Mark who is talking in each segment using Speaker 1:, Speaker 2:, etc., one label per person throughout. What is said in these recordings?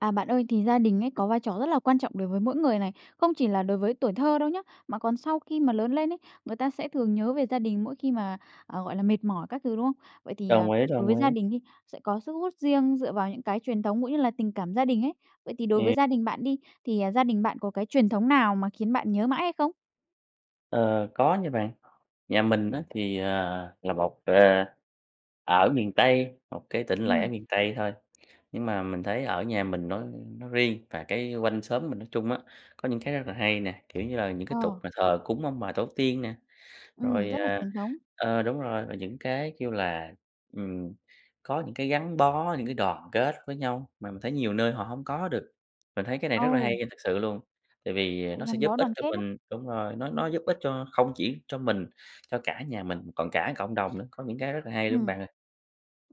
Speaker 1: À, bạn ơi, thì gia đình ấy có vai trò rất là quan trọng đối với mỗi người này, không chỉ là đối với tuổi thơ đâu nhá, mà còn sau khi mà lớn lên ấy, người ta sẽ thường nhớ về gia đình mỗi khi mà, ờ, gọi là, mệt mỏi các thứ, đúng không? Vậy thì, ờ,
Speaker 2: Đồng ý,
Speaker 1: đối
Speaker 2: đồng
Speaker 1: với gia
Speaker 2: ý.
Speaker 1: đình đi, sẽ có sức hút riêng dựa vào những cái truyền thống cũng như là tình cảm gia đình ấy, vậy thì đối với
Speaker 2: Ừm.
Speaker 1: gia đình bạn đi, thì, à, gia đình bạn có cái truyền thống nào mà khiến bạn nhớ mãi hay không?
Speaker 2: Ờ, có nha bạn. Nhà mình á, thì, ờ, là một, ờ ở miền Tây, một cái tỉnh lẻ
Speaker 1: Ừm.
Speaker 2: miền Tây thôi, nhưng mà mình thấy ở nhà mình nói nói riêng, và cái quanh xóm mình nói chung á, có những cái rất là hay nè. Kiểu như là, những cái
Speaker 1: Ờ.
Speaker 2: tục mà thờ cúng ông bà tổ tiên nè,
Speaker 1: Ừm,
Speaker 2: rồi,
Speaker 1: rất là
Speaker 2: ờ,
Speaker 1: truyền thống.
Speaker 2: ờ, đúng rồi, rồi những cái kêu là ừm, có những cái gắn bó, những cái đoàn kết với nhau, mà mình thấy nhiều nơi họ hông có được. Mình thấy cái này rất là hay
Speaker 1: Ồ!
Speaker 2: nha, thực sự luôn, tại vì, à,
Speaker 1: Sự
Speaker 2: nó sẽ
Speaker 1: gắn
Speaker 2: giúp
Speaker 1: bó
Speaker 2: ích
Speaker 1: đoàn
Speaker 2: cho
Speaker 1: kết á.
Speaker 2: mình đúng rồi, nó nó giúp ích cho không chỉ cho mình, cho cả nhà mình, còn cả cộng đồng nữa, có những cái rất là hay luôn
Speaker 1: Ừm.
Speaker 2: bạn ơi.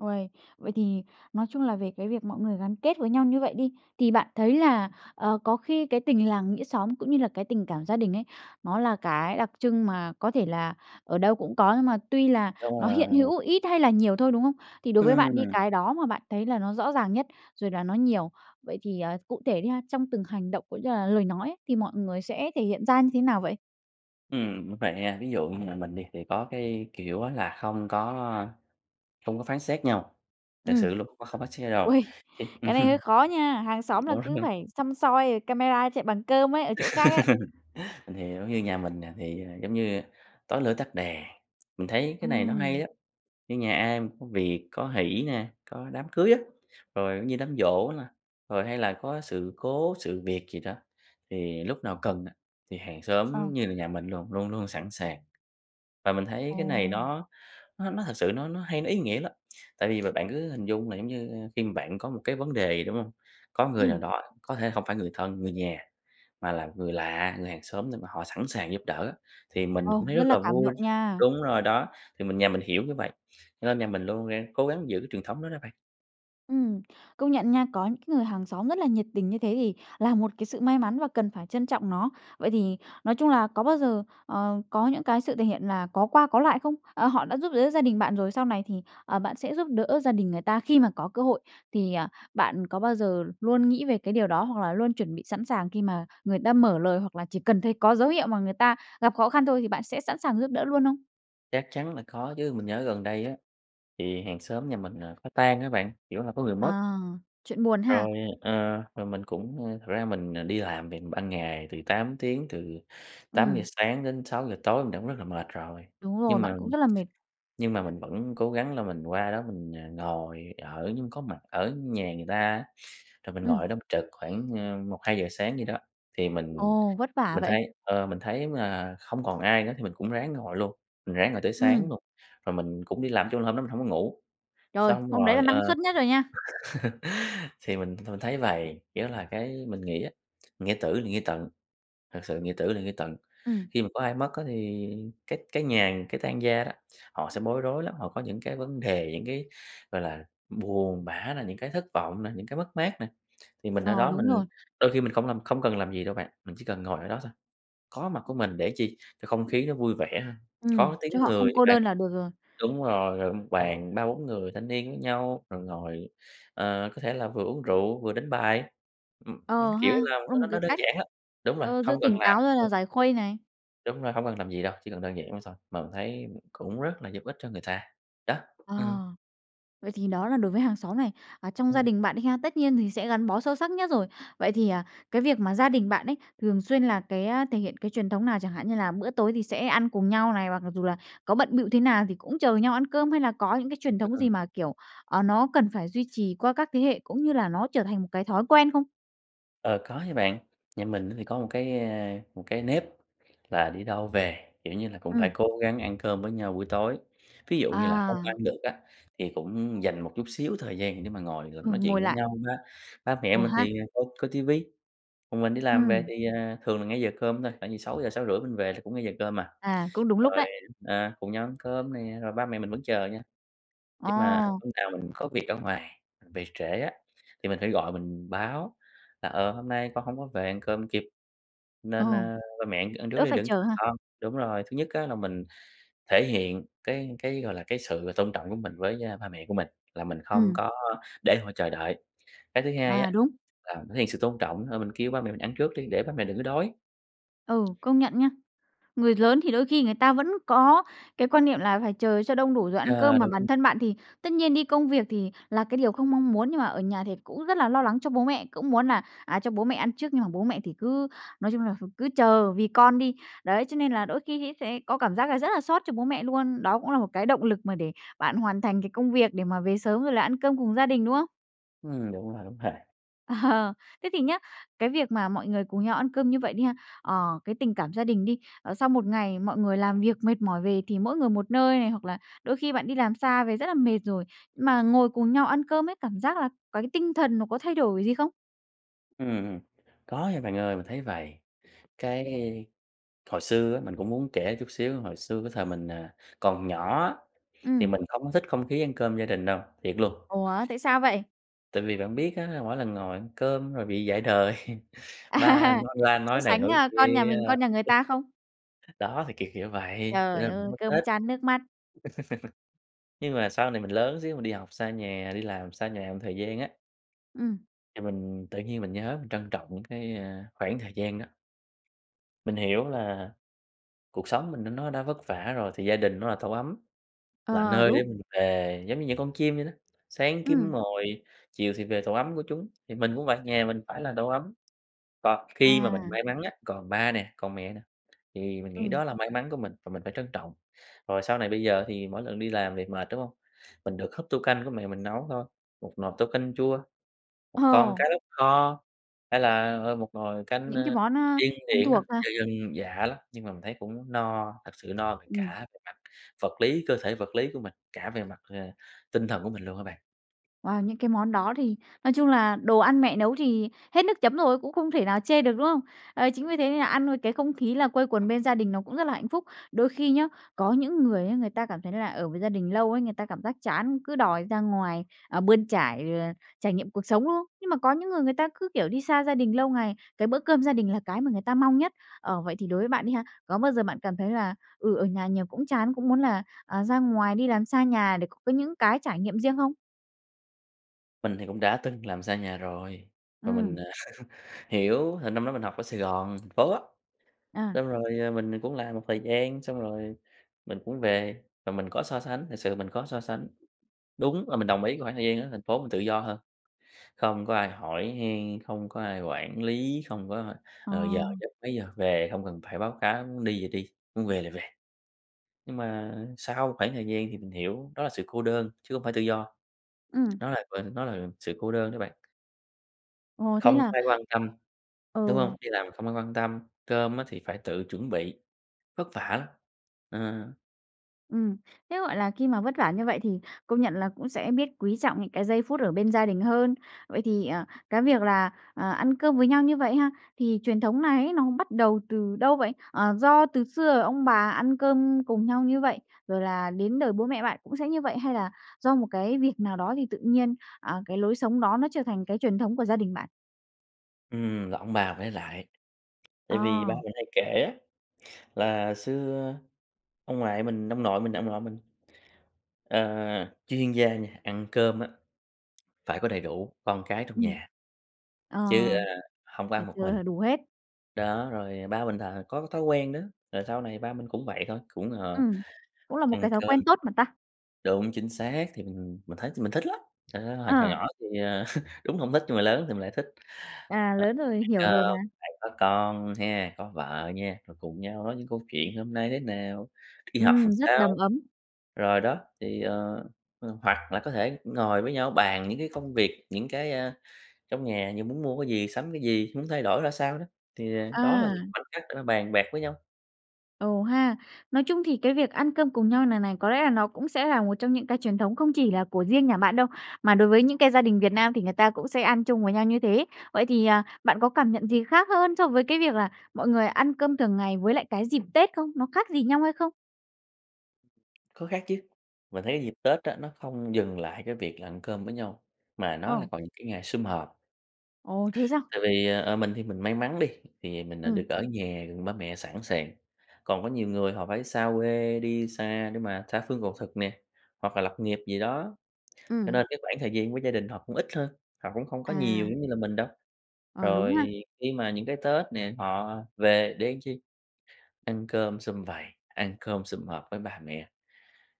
Speaker 1: Ôi, vậy thì nói chung là về cái việc mọi người gắn kết với nhau như vậy đi, thì bạn thấy là, ờ, có khi cái tình làng nghĩa xóm cũng như là cái tình cảm gia đình ấy, nó là cái đặc trưng mà có thể là ở đâu cũng có nhưng mà tuy là
Speaker 2: Đúng
Speaker 1: nó hiện
Speaker 2: rồi.
Speaker 1: hữu ít hay là nhiều thôi, đúng không? Thì đối với bạn đi
Speaker 2: Ừm.
Speaker 1: cái đó mà bạn thấy là nó rõ ràng nhất rồi là nó nhiều, vậy thì, à, cụ thể đi ha, trong từng hành động cũng như là lời nói ấy, thì mọi người sẽ thể hiện ra như thế nào vậy?
Speaker 2: Ừm, vậy ha, ví dụ như nhà mình đi thì có cái kiểu á là không có, ơ, không có phán xét nhau, thật
Speaker 1: Ừm.
Speaker 2: sự luôn, không phán xét nhau đâu
Speaker 1: Ôi!
Speaker 2: cái
Speaker 1: Cái này hơi khó nha. Hàng xóm là cứ
Speaker 2: [unintelligible]
Speaker 1: phải săm soi rồi camera chạy bằng cơm ấy, ở chỗ khác ấy.
Speaker 2: Mình hiểu, như nhà mình nè, thì, giống như, tối lửa tắt đèn. Mình thấy cái này nó hay
Speaker 1: Ừm.
Speaker 2: á, như nhà ai mà có việc, có hỷ nè, có đám cưới á, rồi, giống như, đám giỗ nè, rồi hay là có sự cố, sự việc gì đó, thì lúc nào cần á thì hàng
Speaker 1: Ờ.
Speaker 2: xóm như là nhà mình luồn luôn luôn sẵn sàng. Và mình thấy cái này
Speaker 1: Ồ!
Speaker 2: nó nó nó thực sự nó nó hay nó ý nghĩa lắm tại vì mà bạn cứ hình dung là, giống như, khi mà bạn có một cái vấn đề gì, đúng không? Có người nào
Speaker 1: Ừm.
Speaker 2: đó, có thể không phải người thân, người nhà, mà là người lạ, người hàng xóm nhưng mà họ sẵn sàng giúp đỡ á, thì mình cũng
Speaker 1: Ồ,
Speaker 2: thấy
Speaker 1: rất
Speaker 2: rất
Speaker 1: là
Speaker 2: là
Speaker 1: cảm
Speaker 2: vui.
Speaker 1: động nha!
Speaker 2: Đúng rồi đó, thì mình nhà mình hiểu như vậy, cho nên nhà mình luôn, a, cố gắng giữ cái truyền thống đó đó bạn.
Speaker 1: Ừm. Công nhận nha, có những cái người hàng xóm rất là nhiệt tình như thế thì là một cái sự may mắn và cần phải trân trọng nó. Vậy thì nói chung là có bao giờ, ờ, có những cái sự thể hiện là có qua có lại không? À, họ đã giúp đỡ gia đình bạn rồi, sau này thì, ờ, bạn sẽ giúp đỡ gia đình người ta khi mà có cơ hội thì, ờ, bạn có bao giờ luôn nghĩ về cái điều đó, hoặc là luôn chuẩn bị sẵn sàng khi mà người ta mở lời, hoặc là chỉ cần thấy có dấu hiệu mà người ta gặp khó khăn thôi thì bạn sẽ sẵn sàng giúp đỡ luôn không?
Speaker 2: Chắc chắn là có chứ, mình nhớ gần đây á thì hàng xóm nhà mình, ờ, có tang á bạn, kiểu, là có người mất.
Speaker 1: À, chuyện buồn
Speaker 2: Rồi,
Speaker 1: ha!
Speaker 2: ờ, rồi mình cũng, ưm, thật ra mình, ờ, đi làm mình ban ngày từ 8 tiếng, từ tám giờ
Speaker 1: Ừm.
Speaker 2: sáng đến sáu giờ tối mình cũng rất là mệt rồi,
Speaker 1: Đúng rồi,
Speaker 2: nhưng
Speaker 1: bạn
Speaker 2: mà
Speaker 1: cũng rất là mệt.
Speaker 2: nhưng mà mình vẫn cố gắng là mình qua đó mình, ờ, ngồi ở như có mặt ở nhà người ta á. Rồi mình ngồi
Speaker 1: Ừm.
Speaker 2: ở đó mình trực khoảng, ơ, 1:00-2:00 sáng gì đó thì mình
Speaker 1: Ồ, vất vả
Speaker 2: mình
Speaker 1: vậy!
Speaker 2: thấy, ờ, mình thấy mà không còn ai nữa thì mình cũng ráng ngồi luôn, mình ráng ngồi tới sáng
Speaker 1: Ừm.
Speaker 2: luôn rồi mình cũng đi làm, nói chung hôm đó mình hổng có ngủ.
Speaker 1: Rồi,
Speaker 2: Xong
Speaker 1: hôm đấy là
Speaker 2: rồi,
Speaker 1: năng
Speaker 2: ờ,
Speaker 1: suất nhất rồi nha.
Speaker 2: thì mình mình thấy vầy, kiểu, là cái mình nghĩ á, nghĩa tử là nghĩa tận, thật sự nghĩa tử là nghĩa tận.
Speaker 1: Ừm.
Speaker 2: Khi mà có ai mất á thì cái cái nhà, cái tang gia đó, họ sẽ bối rối lắm, họ có những cái vấn đề những cái, gọi là, buồn bã nè, những cái thất vọng nè, những cái mất mát nè, thì mình ở
Speaker 1: Ờ,
Speaker 2: đó
Speaker 1: đúng
Speaker 2: mình
Speaker 1: rồi.
Speaker 2: đôi khi mình không làm, không cần làm gì đâu bạn, mình chỉ cần ngồi ở đó thôi. Có mặt của mình để chi? Cho không khí nó vui vẻ ha,
Speaker 1: Ừm,
Speaker 2: có tiếng
Speaker 1: cho họ
Speaker 2: người
Speaker 1: không
Speaker 2: á
Speaker 1: cô
Speaker 2: bạn.
Speaker 1: đơn là được rồi.
Speaker 2: Đúng rồi, gọi 1 bàn 3-4 người thanh niên với nhau, rồi ngồi, ờ, có thể là vừa uống rượu, vừa đánh bài. Ừm, ưm,
Speaker 1: Ờ
Speaker 2: kiểu
Speaker 1: ha,
Speaker 2: là,
Speaker 1: cũng là
Speaker 2: nó
Speaker 1: một
Speaker 2: nó nó
Speaker 1: cái
Speaker 2: đơn
Speaker 1: cách,
Speaker 2: giản lắm. Đúng rồi,
Speaker 1: ờ, giữ
Speaker 2: không cần
Speaker 1: tỉnh
Speaker 2: làm
Speaker 1: táo rồi là giải khuây này.
Speaker 2: Đúng rồi, hông cần làm gì đâu, chỉ cần đơn giản vậy thôi. Mà mình thấy cũng rất là giúp ích cho người ta. Đó,
Speaker 1: Ờ.
Speaker 2: ừm.
Speaker 1: Vậy thì đó là đối với hàng xóm này, à, trong gia
Speaker 2: Ừm.
Speaker 1: đình bạn đi ha, tất nhiên thì sẽ gắn bó sâu sắc nhất rồi. Vậy thì, à, cái việc mà gia đình bạn ấy thường xuyên là cái, a, thể hiện cái truyền thống nào chẳng hạn như là bữa tối thì sẽ ăn cùng nhau này, hoặc mặc dù là có bận bịu thế nào thì cũng chờ nhau ăn cơm, hay là có những cái
Speaker 2: [unintelligible]
Speaker 1: truyền
Speaker 2: Ưm,
Speaker 1: thống
Speaker 2: ừm.
Speaker 1: gì mà, kiểu, ờ, nó cần phải duy trì qua các thế hệ cũng như là nó trở thành một cái thói quen không?
Speaker 2: Ờ, có nha bạn. Nhà mình á thì có một cái, a, ờ, một cái nếp là đi đâu về, kiểu, như là cũng phải
Speaker 1: Ừm.
Speaker 2: cố gắng ăn cơm với nhau buổi tối. Ví dụ như là không ăn
Speaker 1: À.
Speaker 2: được á, thì cũng dành một chút xíu thời gian để mà ngồi mà
Speaker 1: Ừ,
Speaker 2: nói
Speaker 1: ngồi
Speaker 2: chuyện với
Speaker 1: lại.
Speaker 2: nhau ha. Ba mẹ
Speaker 1: Ừ
Speaker 2: mình
Speaker 1: ha.
Speaker 2: thì, ơ, coi ti vi, còn mình đi làm về
Speaker 1: Ừm.
Speaker 2: thì, à, thường là ngay giờ cơm thôi, khoảng chừng 6:00-6:30 mình về thì cũng ngay giờ cơm à,
Speaker 1: À, cũng đúng lúc
Speaker 2: rồi,
Speaker 1: đấy.
Speaker 2: ờ, cùng nhau ăn cơm nè, rồi ba mẹ mình vẫn chờ nha. Nhưng mà
Speaker 1: Ờ.
Speaker 2: lúc nào mình có việc ở ngoài về trễ á, thì mình phải gọi mình báo là "Ờ, hôm nay con hông có về ăn cơm kịp, nên,
Speaker 1: Ồ.
Speaker 2: ơ, ba mẹ ăn ăn trước
Speaker 1: Đỡ
Speaker 2: đi
Speaker 1: phải
Speaker 2: đừng có
Speaker 1: chờ
Speaker 2: chờ
Speaker 1: ha?
Speaker 2: con." Đúng rồi, thứ nhất á là mình thể hiện cái cái, gọi là, cái sự tôn trọng của mình với, a, ba mẹ của mình, là mình không
Speaker 1: Ừm.
Speaker 2: có, a, để họ chờ đợi. Cái thứ hai á
Speaker 1: À, đúng.
Speaker 2: là thể hiện sự tôn trọng thôi mình kêu ba mẹ mình ăn trước đi, để ba mẹ đừng có đói.
Speaker 1: Ừ, công nhận nha. Người lớn thì đôi khi người ta vẫn có cái quan niệm là phải chờ cho đông đủ rồi ăn cơm,
Speaker 2: Yeah,
Speaker 1: mà
Speaker 2: đúng.
Speaker 1: bản thân bạn thì tất nhiên đi công việc thì là cái điều không mong muốn, nhưng mà ở nhà thì cũng rất là lo lắng cho bố mẹ, cũng muốn là, à, cho bố mẹ ăn trước nhưng mà bố mẹ thì cứ, nói chung là thì cứ chờ vì con đi. Đấy, cho nên là đôi khi nghĩ thế có cảm giác là rất là xót cho bố mẹ luôn. Đó cũng là một cái động lực mà để bạn hoàn thành cái công việc để mà về sớm rồi là ăn cơm cùng gia đình, đúng không?
Speaker 2: Ừm, đúng rồi, đúng rồi.
Speaker 1: Thế thì nhá, cái việc mà mọi người cùng nhau ăn cơm như vậy đi ha, ờ, cái tình cảm gia đình đi, ờ sau 1 ngày mọi người làm việc mệt mỏi về thì mỗi người một nơi này, hoặc là đôi khi bạn đi làm xa về rất là mệt rồi, mà ngồi cùng nhau ăn cơm ấy, cảm giác là c cái tinh thần nó có thay đổi gì không?
Speaker 2: Ừm, ừm. Có nha bạn ơi. Mình thấy vầy, cái hồi xưa á mình cũng muốn kể chút xíu, hồi xưa cái thời mình, ờ ,còn nhỏ á, thì
Speaker 1: Ừm.
Speaker 2: mình không có thích không khí ăn cơm gia đình đâu, thiệt luôn.
Speaker 1: Ủa, tại sao vậy?
Speaker 2: Tại vì bạn biết á, mỗi lần ngồi ăn cơm rồi bị dạy đời. Ba
Speaker 1: À.
Speaker 2: nói ra
Speaker 1: So
Speaker 2: nói này
Speaker 1: sánh,
Speaker 2: nói
Speaker 1: a, con nhà
Speaker 2: kia,
Speaker 1: mình, con nhà người ta không?
Speaker 2: đó thì kỉểu kiểu vậy, cho
Speaker 1: Trời
Speaker 2: nên mình
Speaker 1: ơi,
Speaker 2: hổng có thích.
Speaker 1: cơm chan nước mắt.
Speaker 2: Nhưng mà sau này mình lớn xíu, mình đi học xa nhà, đi làm xa nhà một thời gian á
Speaker 1: Ừm.
Speaker 2: thì mình tự nhiên mình nhớ, mình trân trọng những cái, ơ, khoảng thời gian đó. Mình hiểu là cuộc sống mình nó nó đã vất vả rồi thì gia đình nó là tổ ấm, là
Speaker 1: Ờ,
Speaker 2: nơi để
Speaker 1: đúng.
Speaker 2: mình về. Giống như những con chim vậy đó, sáng kiếm
Speaker 1: Ừm.
Speaker 2: mồi, chiều thì về tổ ấm của chúng. Thì mình cũng vậy, nhà mình phải là tổ ấm. Và khi mà mình
Speaker 1: À.
Speaker 2: may mắn á, còn ba nè, còn mẹ nè, thì mình nghĩ
Speaker 1: Ừ.
Speaker 2: đó là may mắn của mình và mình phải trân trọng. Rồi sau này bây giờ thì mỗi lần đi làm việc mệt, đúng hông? Mình được húp tô canh của mẹ mình nấu thôi, một nồi tô canh chua, một con
Speaker 1: Ồ.
Speaker 2: cá lóc kho, hay là, ờ, một nồi cánh,
Speaker 1: Những cái
Speaker 2: ơ,
Speaker 1: món, ơ,
Speaker 2: điên
Speaker 1: thân
Speaker 2: điển á,
Speaker 1: thuộc ha.
Speaker 2: dân dân dã lắm, nhưng mà mình thấy cũng no, thật sự no về
Speaker 1: Ừm.
Speaker 2: cả về mặt vật lý, cơ thể vật lý của mình, cả về mặt, ờ, tinh thần của mình luôn á bạn.
Speaker 1: Wow, những cái món đó thì nói chung là đồ ăn mẹ nấu thì hết nước chấm rồi, cũng không thể nào chê được, đúng không? Ấy, chính vì thế nên nà ăn rồi cái không khí là quây quần bên gia đình nó cũng rất là hạnh phúc. Đôi khi nhá, có những người á người ta cảm thấy là ở với gia đình lâu ấy, người ta cảm giác chán, cứ đòi ra ngoài, ờ, bươn trải, ờ, trải nghiệm cuộc sống, đúng không? Nhưng mà có những người người ta cứ, kiểu, đi xa gia đình lâu ngày, cái bữa cơm gia đình là cái mà người ta mong nhất. Ờ, vậy thì đối với bạn đi ha, có bao giờ bạn cảm thấy là, ừ, ở nhà nhiều cũng chán, cũng muốn là, à, ra ngoài đi làm xa nhà để có cái những cái trải nghiệm riêng không?
Speaker 2: Mình thì cũng đã từng làm xa nhà rồi và mình,
Speaker 1: Ừm.
Speaker 2: ờ, hiểu, là năm đó mình học ở Sài Gòn, thành phố á,
Speaker 1: À.
Speaker 2: xong rồi, ờ, mình, ờ, cũng làm một thời gian, xong rồi mình cũng về và mình có so sánh, thực sự mình có so sánh. Đúng là mình đồng ý cái khoảng thời gian ở thành phố mình tự do hơn, không có ai hỏi han, không có ai quản lý, không có, ơ,
Speaker 1: Ờ.
Speaker 2: ờ, giờ giấc, mấy giờ về, không cần phải báo cáo, muốn đi thì đi, muốn về là về. Nhưng mà sau khoảng thời gian thì mình hiểu đó là sự cô đơn, chứ hông phải tự do.
Speaker 1: Ừm.
Speaker 2: Nó là vần nó là sự cô đơn đó bạn.
Speaker 1: Ồ, thế
Speaker 2: Không
Speaker 1: là
Speaker 2: có ai quan tâm, đúng
Speaker 1: Ừ.
Speaker 2: hông? Đi làm không ai quan tâm, cơm á thì phải tự chuẩn bị, vất vả lắm. Ờ.
Speaker 1: Ừm, thế, gọi là, khi mà vất vả như vậy thì công nhận là cũng sẽ biết quý trọng những cái giây phút ở bên gia đình hơn. Vậy thì, ờ, cái việc là, ờ, ăn cơm với nhau như vậy ha, thì truyền thống này ấy nó bắt đầu từ đâu vậy? Ờ, do từ xưa ông bà ăn cơm cùng nhau như vậy, rồi là đến đời bố mẹ bạn cũng sẽ như vậy, hay là do một cái việc nào đó thì tự nhiên, à, cái lối sống đó nó trở thành cái truyền thống của gia đình bạn?
Speaker 2: Ừm, rồi ông bà phải ở lại, tại vì ba
Speaker 1: Ờ.
Speaker 2: mình hay kể á là xưa ông ngoại mình ông nội mình, ông nội mình, ờ, chuyên gia nha ăn cơm á phải có đầy đủ con cái trong
Speaker 1: Ừm.
Speaker 2: nhà,
Speaker 1: Ờ,
Speaker 2: chứ, ờ, hông có
Speaker 1: phải
Speaker 2: ăn một
Speaker 1: chờ
Speaker 2: mình
Speaker 1: là đủ hết.
Speaker 2: đó. rồi ba mình là có thói quen đó, rồi sau này ba mình cũng vậy thôi, cũng, ờ,
Speaker 1: Ừm, cũng là một
Speaker 2: ăn
Speaker 1: cái thói
Speaker 2: cơm
Speaker 1: quen tốt mà ta.
Speaker 2: đúng, chính xác, thì mình mình thấy mình thích lắm. Ơ, hồi hồi
Speaker 1: Ờ.
Speaker 2: nhỏ thì, ờ, đúng là hổng thích nhưng mà lớn thì mình lại thích,
Speaker 1: À,
Speaker 2: ờ,
Speaker 1: lớn rồi, hiểu
Speaker 2: phải,
Speaker 1: rồi
Speaker 2: ơ,
Speaker 1: mà.
Speaker 2: phải có con nha, có vợ ha, rồi cùng nhau nói những câu chuyện hôm nay thế nào? Đi học làm
Speaker 1: Ừm, rất đầm
Speaker 2: sao?
Speaker 1: ấm.
Speaker 2: Rồi đó, thì, ờ, h hoặc là có thể ngồi với nhau bàn những cái công việc, những cái, ờ, trong nhà như muốn mua cái gì? Sắm cái gì? Muốn thay đổi ra sao đó? Thì, ờ, đó là
Speaker 1: À.
Speaker 2: những khoảnh khắc để mà bàn bạc với nhau.
Speaker 1: Ồ ha. Nói chung thì cái việc ăn cơm cùng nhau này này, có lẽ là nó cũng sẽ là một trong những cái truyền thống không chỉ là của riêng nhà bạn đâu, mà đối với những cái gia đình Việt Nam thì người ta cũng sẽ ăn chung với nhau như thế. Vậy thì, à, bạn có cảm nhận gì khác hơn so với cái việc là mọi người ăn cơm thường ngày với lại cái dịp Tết không? Nó khác gì nhau hay không?
Speaker 2: Có khác chứ, mình thấy cái dịp Tết á, nó không dừng lại cái việc là ăn cơm với nhau, mà nó là
Speaker 1: Ờ.
Speaker 2: còn những cái ngày sum họp.
Speaker 1: Ồ, thế sao?
Speaker 2: Tại vì, ờ, ờ, mình thì mình may mắn đi, thì mình, ờ,
Speaker 1: Ừm.
Speaker 2: được ở nhà gần ba mẹ sẵn sàng, còn có nhiều người họ phải xa quê, đi xa để mà tha phương cầu thực nè, hoặc là lập nghiệp gì đó, cho
Speaker 1: Ừm.
Speaker 2: nên cái khoảng thời gian của gia đình họ cũng ít hơn, họ cũng không có nhiều
Speaker 1: À.
Speaker 2: giống như là mình đâu.
Speaker 1: Ờ, đúng
Speaker 2: Rồi
Speaker 1: ha.
Speaker 2: khi mà những cái Tết nè, họ về để làm chi? Ăn cơm xum vầy, ăn cơm xum họp với ba mẹ.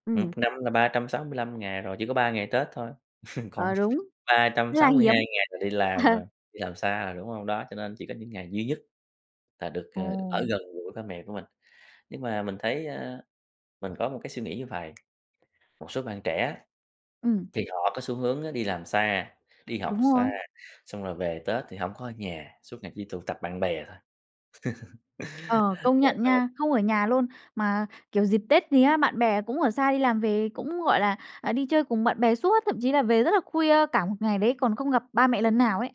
Speaker 1: Ừm.
Speaker 2: Một năm là 365 ngày rồi, chỉ có 3 ngày Tết thôi, còn
Speaker 1: Ờ, đúng,
Speaker 2: ba trăm
Speaker 1: rất là
Speaker 2: sáu mươi hai
Speaker 1: hiếm.
Speaker 2: ngày là đi làm rồi, đi làm xa rồi, đúng hông? Đó, cho nên chỉ có những ngày duy nhất là được, ờ, ở
Speaker 1: Ồ.
Speaker 2: gần gũi ba mẹ của mình, nhưng mà mình thấy, a, mình có một cái suy nghĩ như vầy, một số bạn trẻ á,
Speaker 1: Ừm.
Speaker 2: thì họ có xu hướng á, đi làm xa, đi học
Speaker 1: Đúng
Speaker 2: xa,
Speaker 1: rồi.
Speaker 2: xong rồi về Tết thì hổng có ở nhà suốt ngày chỉ tụ tập bạn bè thôi.
Speaker 1: Ờ, công nhận
Speaker 2: Trời ơi.
Speaker 1: nha, không ở nhà luôn mà, kiểu, dịp Tết gì á, bạn bè cũng ở xa đi làm về cũng, gọi là, à, đi chơi cùng bạn bè suốt, thậm chí là về rất là khuya cả một ngày đấy còn không gặp ba mẹ lần nào ấy.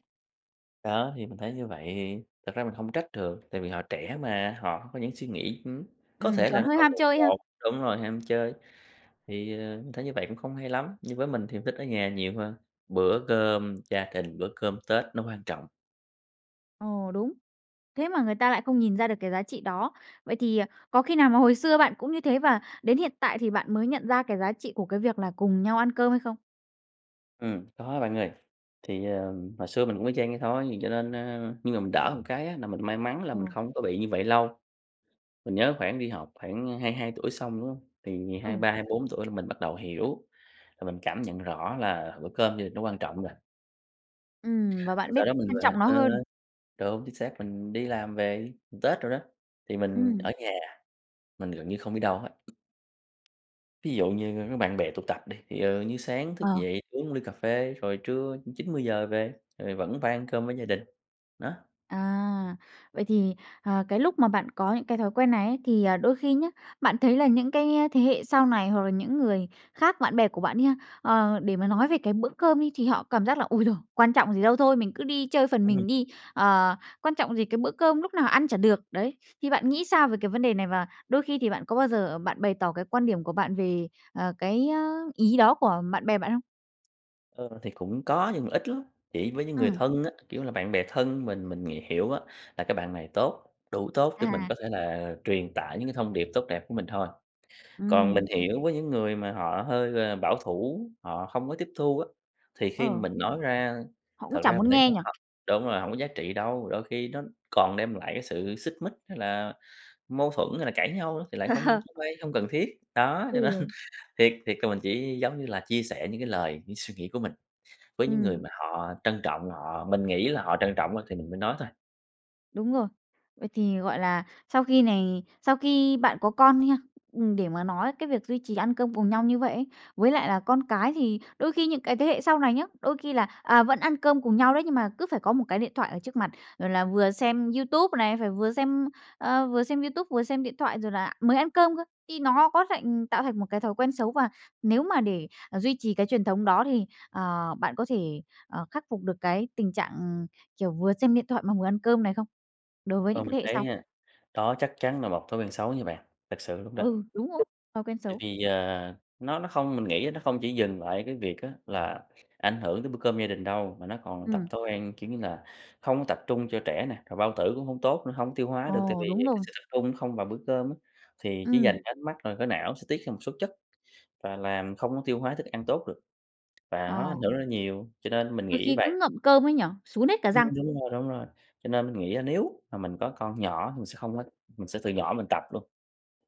Speaker 2: Đó, thì mình thấy như vậy. Thì thật ra mình hông trách được, tại vì họ trẻ mà, họ có những suy nghĩ, ừm, có
Speaker 1: Ừm,
Speaker 2: thể là
Speaker 1: còn
Speaker 2: nó
Speaker 1: hơi
Speaker 2: còn
Speaker 1: ham
Speaker 2: bồng
Speaker 1: chơi ha.
Speaker 2: bột, đúng rồi, ham chơi. Thì, ờ, mình thấy như vậy cũng không hay lắm, nhưng với mình thì mình thích ở nhà nhiều hơn, bữa cơm gia đình, bữa cơm Tết nó quan trọng.
Speaker 1: Ồ, đúng, thế mà người ta lại không nhìn ra được cái giá trị đó. Vậy thì, ờ, có khi nào mà hồi xưa bạn cũng như thế, và đến hiện tại thì bạn mới nhận ra cái giá trị của cái việc là cùng nhau ăn cơm hay không?
Speaker 2: Ừm, có bạn ơi, thì, ờm, hồi xưa mình cũng y chang vậy thôi cho nên, ơ, nhưng mà mình đỡ hơn cái á, là mình may mắn là
Speaker 1: Ờ.
Speaker 2: mình không có bị như vậy lâu. Mình nhớ khoảng đi học, khoảng 22 tuổi xong, đúng hông, thì ngày hai
Speaker 1: Ừ.
Speaker 2: ba hai bốn tuổi là mình bắt đầu hiểu, là mình cảm nhận rõ là bữa cơm gia đình nó quan trọng rồi.
Speaker 1: Ừm, và
Speaker 2: Rồi
Speaker 1: bạn biết
Speaker 2: sau đó mình
Speaker 1: trân
Speaker 2: về
Speaker 1: trọng nó
Speaker 2: ờ,
Speaker 1: hơn.
Speaker 2: đúng, chính xác, mình đi làm về, Tết đồ đó, thì mình
Speaker 1: Ừm.
Speaker 2: ở nhà, mình gần như không đi đâu hết. Thí dụ như có bạn bè tụ tập đi, thì, ờ, như sáng thức
Speaker 1: Ờ.
Speaker 2: dậy uống ly cà phê, rồi trưa 9:00-10:00 về, rồi vẫn phải ăn cơm với gia đình, đó.
Speaker 1: À! Vậy thì, ờ, cái lúc mà bạn có những cái thói quen này ấy thì, à, đôi khi nhá, bạn thấy là những cái thế hệ sau này hoặc là những người khác, bạn bè của bạn đi ha, ờ, để mà nói về cái bữa cơm đi, thì họ cảm giác là "Ôi giời, quan trọng gì đâu, thôi mình cứ đi chơi phần
Speaker 2: Ừm.
Speaker 1: mình đi, ờ, quan trọng gì cái bữa cơm lúc nào ăn chả được." Đấy, thì bạn nghĩ sao về cái vấn đề này và đôi khi thì bạn có bao giờ bạn bày tỏ cái quan điểm của bạn về, ờ, cái, a, ý đó của bạn bè bạn không?
Speaker 2: Ờ, thì cũng có nhưng mà ít lắm, chỉ với những người
Speaker 1: Ừm.
Speaker 2: thân á, kiểu, là bạn bè thân mình mình ng hiểu á, là cái bạn này tốt, đủ tốt để mình có
Speaker 1: À.
Speaker 2: thể là truyền tải những cái thông điệp tốt đẹp của mình thôi. Còn mình
Speaker 1: Ừm.
Speaker 2: hiểu với những người mà họ hơi, à, bảo thủ, họ không có tiếp thu á, thì khi mà
Speaker 1: Ờ.
Speaker 2: mình nói ra,
Speaker 1: Họ cũng
Speaker 2: thật
Speaker 1: chẳng
Speaker 2: ra mình
Speaker 1: muốn
Speaker 2: thấy
Speaker 1: nghe
Speaker 2: cũng
Speaker 1: nhỉ?
Speaker 2: h đúng rồi, hổng có giá trị đâu, đôi khi nó còn đem lại cái sự xích mích, hay là mâu thuẫn, hay là cãi nhau nữa, thì lại không
Speaker 1: Ờ.
Speaker 2: không hay, hông cần thiết. Đó, cho nên
Speaker 1: Ừ.
Speaker 2: thiệt thiệt là mình chỉ, giống như là, chia sẻ những cái lời, những suy nghĩ của mình, với những người
Speaker 1: Ừm.
Speaker 2: mà họ trân trọng, họ mình nghĩ là họ trân trọng á, thì mình mới nói thôi.
Speaker 1: Đúng rồi. Vậy thì, gọi là, sau khi này sau khi bạn có con đi ha, ừm, để mà nói cái việc duy trì ăn cơm cùng nhau như vậy ấy, với lại là con cái thì đôi khi những cái thế hệ sau này nhá, đôi khi là, à, vẫn ăn cơm cùng nhau đấy, nhưng mà cứ phải có một cái điện thoại ở trước mặt, rồi là vừa xem YouTube này, phải vừa xem, ờ, vừa xem YouTube vừa xem điện thoại rồi là mới ăn cơm cơ, thì nó có thành tạo thành một cái thói quen xấu? Và nếu mà để duy trì cái truyền thống đó thì, ờ, bạn có thể, ờ, khắc phục được cái tình trạng, ừm, kiểu, vừa xem điện thoại mà vừa ăn cơm này không, đối với
Speaker 2: Ơ,
Speaker 1: những cái
Speaker 2: mình
Speaker 1: thế hệ
Speaker 2: thấy
Speaker 1: sau?
Speaker 2: ha, đó chắc chắn là một thói quen xấu nha bạn, thật sự luôn đó.
Speaker 1: Ừ, đúng rồi, thói quen
Speaker 2: Tại
Speaker 1: xấu.
Speaker 2: vì, ờ, nó nó không mình nghĩ nó không chỉ dừng lại ở cái việc á là ảnh hưởng tới bữa cơm gia đình đâu, mà nó còn tập
Speaker 1: Ừm.
Speaker 2: thói quen, kiểu, như là không có tập trung cho trẻ nè, rồi bao tử cũng hông tốt nữa, hông tiêu hóa được tại
Speaker 1: Ồ,
Speaker 2: vì
Speaker 1: đúng
Speaker 2: cái
Speaker 1: rồi.
Speaker 2: sự tập trung không vào bữa cơm á. Thì chỉ dành
Speaker 1: Ừm.
Speaker 2: cái ánh mắt rồi cái não sẽ tiết ra một số chất và làm không có tiêu hóa thức ăn tốt được, và nó
Speaker 1: Ờ.
Speaker 2: ảnh hưởng rất là nhiều, cho nên mình
Speaker 1: Đôi
Speaker 2: nghĩ
Speaker 1: khi
Speaker 2: vầy.
Speaker 1: cứ ngậm cơm ấy nhỉ? Sún hết cả
Speaker 2: Ừm,
Speaker 1: răng.
Speaker 2: đúng rồi, đúng rồi. Cho nên mình nghĩ á nếu mà mình có con nhỏ, mình sẽ không có mình sẽ từ nhỏ mình tập luôn.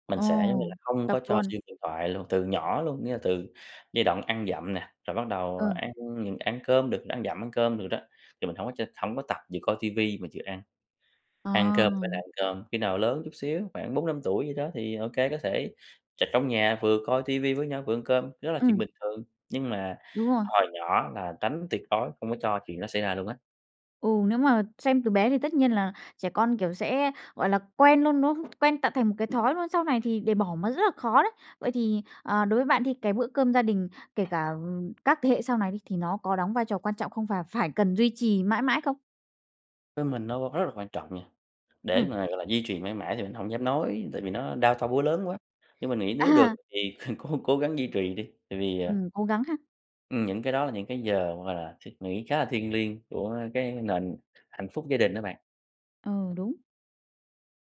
Speaker 2: Mình
Speaker 1: Ồ,
Speaker 2: sẽ, giống như là, không
Speaker 1: tập
Speaker 2: có cho
Speaker 1: luôn.
Speaker 2: xem điện thoại luôn, từ nhỏ luôn, nghĩa là từ giai đoạn ăn dặm nè, rồi bắt đầu
Speaker 1: Ừ.
Speaker 2: ăn mình ăn cơm được, ăn dặm ăn cơm được đó, thì mình hổng có cho hổng có tập vừa coi ti vi mà vừa ăn. Ăn cơm phải là
Speaker 1: Ờ.
Speaker 2: ăn cơm, khi nào lớn chút xíu, khoảng 4, 5 tuổi gì đó thì ô kê, có thể ch trong nhà vừa coi ti vi với nhau vừa ăn cơm, đó là chuyện
Speaker 1: Ừm.
Speaker 2: bình thường, nhưng mà
Speaker 1: Đúng rồi.
Speaker 2: hồi nhỏ là tránh tuyệt đối không có cho chuyện đó xảy ra luôn á.
Speaker 1: Ừ, nếu mà xem từ bé thì tất nhiên là trẻ con, kiểu, sẽ, gọi là, quen luôn, đúng không? Quen tạo thành một cái thói luôn, sau này thì để bỏ mà rất là khó đấy. Vậy thì, ờ, đối với bạn đi cái bữa cơm gia đình, kể cả các thế hệ sau này đi, thì nó có đóng vai trò quan trọng không và phải cần duy trì mãi mãi không?
Speaker 2: Với mình nó rất là quan trọng nha, để
Speaker 1: Ừm.
Speaker 2: mà, gọi là, duy trì mãi mãi thì mình hổng dám nói, tại vì nó đao to búa lớn quá. Nhưng mình nghĩ nếu được
Speaker 1: À.
Speaker 2: thì cố cố gắng duy trì đi, tại vì, à
Speaker 1: Ừm, cố gắng ha.
Speaker 2: Ừm, những cái đó là những cái giờ, gọi là, suy nghĩ khá là thiêng liêng của cái nền hạnh phúc gia đình đó bạn.
Speaker 1: Ừ, đúng.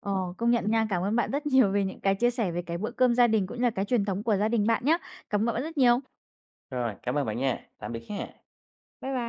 Speaker 1: Ờ, công nhận nha. Cảm ơn bạn rất nhiều vì những cái chia sẻ về cái bữa cơm gia đình cũng như là cái truyền thống của gia đình bạn nhá. Cảm ơn bạn rất nhiều.
Speaker 2: Rồi, cảm ơn bạn nha. Tạm biệt ha.
Speaker 1: Bye bye.